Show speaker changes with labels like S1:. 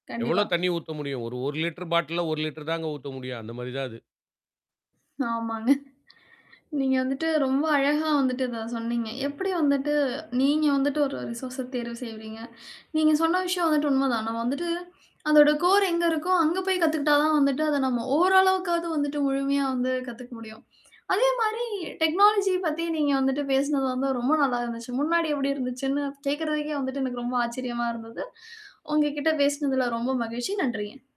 S1: எவ்ளோ
S2: கண்டிப்பா.
S1: தண்ணீ ஊத்த முடியும்? ஒரு 1 லிட்டர் பாட்டில்ல, 1 லிட்டர் தாங்க ஊத்த முடியும். அந்த மாதிரி தான் அது.
S2: ஆமாங்க. நீங்க வந்துட்டு, ரொம்ப அழகா வந்துட்டு இதை சொன்னீங்க. எப்படி வந்துட்டு, நீங்க வந்துட்டு ஒரு ரிசோர்ஸ தேர்வு செய்றீங்க. நீங்க சொன்ன விஷயம் வந்துட்டு உண்மைதான். நாம வந்துட்டு, அதோட கோர் எங்க இருக்கோ, அங்கே போய் கத்துக்கிட்டா தான் வந்துட்டு, அதை நம்ம ஓரளவுக்காது வந்துட்டு முழுமையா வந்து கத்துக்க முடியும். அதே மாதிரி டெக்னாலஜி பத்தி நீங்க வந்துட்டு பேசினது வந்து ரொம்ப நல்லா இருந்துச்சு. முன்னாடி எப்படி இருந்துச்சுன்னு கேக்குறதுக்கே வந்துட்டு எனக்கு ரொம்ப ஆச்சரியமா இருந்தது. உங்ககிட்ட பேசினதில ரொம்ப மகிழ்ச்சி. நன்றிங்க.